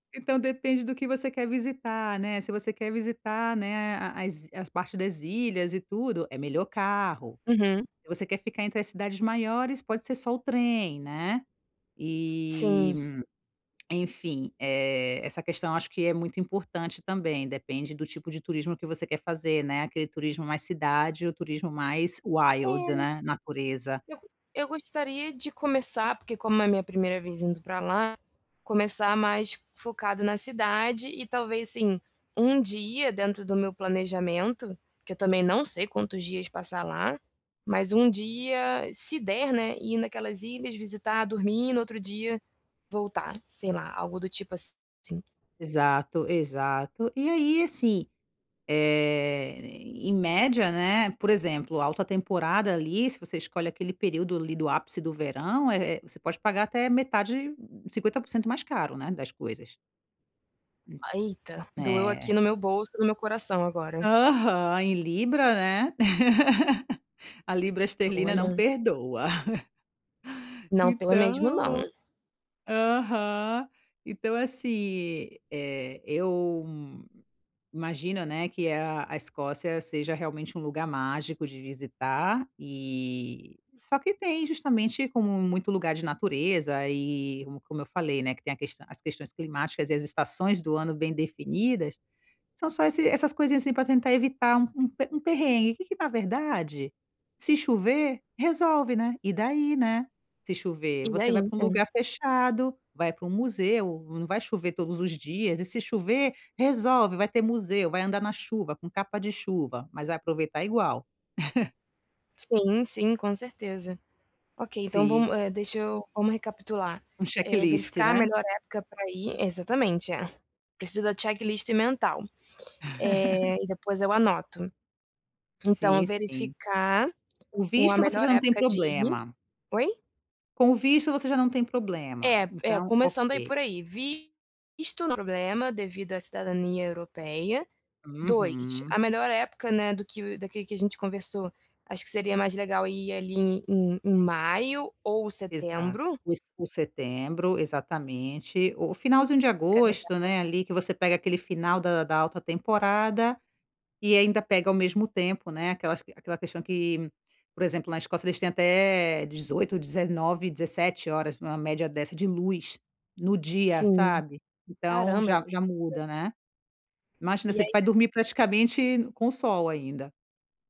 Então depende do que você quer visitar, né? Se você quer visitar, né, a as i as partes das ilhas e tudo, é melhor carro. Uhum. Se você quer ficar entre as cidades maiores, pode ser só o trem, né? E, Sim. enfim, eh, essa questão acho que é muito importante também. Depende do tipo de turismo que você quer fazer, né? Aquele turismo mais cidade ou turismo mais wild, É. né, natureza. Eu go eu gostaria de começar, porque como é minha 1ª vez indo pra lá, começar mais focado na cidade e talvez, assim, 1 dia dentro do meu planejamento, que eu também não sei quantos dias passar lá, mas 1 dia, se der, né, ir naquelas ilhas, visitar, dormir, no outro dia voltar, sei lá, algo do tipo assim. Exato, exato. E aí, assim, eh, em média, né, por exemplo, alta temporada ali, se você escolhe aquele período ali do ápice do verão, eh eh, você pode pagar até metade, 50% mais caro, né, das coisas. Hu Eita, doeu é. aqui no meu bolso, no meu coração agora. Aham, em libra, né? A libra esterlina não Olha. perdoa. Não, pelo mesmo não. Então, aham, então assim, eh, eu imagino, né, que a a Escócia seja realmente um lugar mágico de visitar. E, só que, justamente como muito lugar de natureza e como eu falei, né, que tem a as questões climáticas e as estações do ano bem definidas, são só e essas coisinhas, assim, pra tentar evitar um um um perrengue. Que que, na verdade, se chover, resolve, né? E daí, né, se chover, E você daí, vai pra um é. lugar fechado, vai pra um museu. Não vai chover todos os dias e, se chover, resolve. Vai ter museu, vai andar na chuva, com capa de chuva, mas vai aproveitar igual. Sim, sim, com certeza. Ok, então Sim. vamos eh, deixa eu vamos recapitular. Um Eh, checklist, verificar a né? melhor época pra ir, exatamente. Preciso da checklist mental, eh, e depois eu anoto. Então Sim sim. verificar O o a visto você melhor já não tem época de ir problema. oi? Com o visto você já não tem problema, É, é então começando aí, ok. por aí. Visto não é problema devido à cidadania europeia. 2, Uhum. a melhor época, né, do que que a gente conversou. Acho que seria mais legal ir ali em em maio ou Exato, setembro? os o setembro, exatamente. O finalzinho de Fica agosto, legal. né? Ali que você pega aquele final da da alta temporada e ainda pega ao mesmo tempo, né, aquela aquela questão que, por exemplo, na Escócia eles têm até 18, 19, 17 horas, em média, de luz no dia, Sim, sabe? Então caramba é. já, já [unintelligible] muda, né? Imagina, E você aí vai dormir praticamente com sol ainda.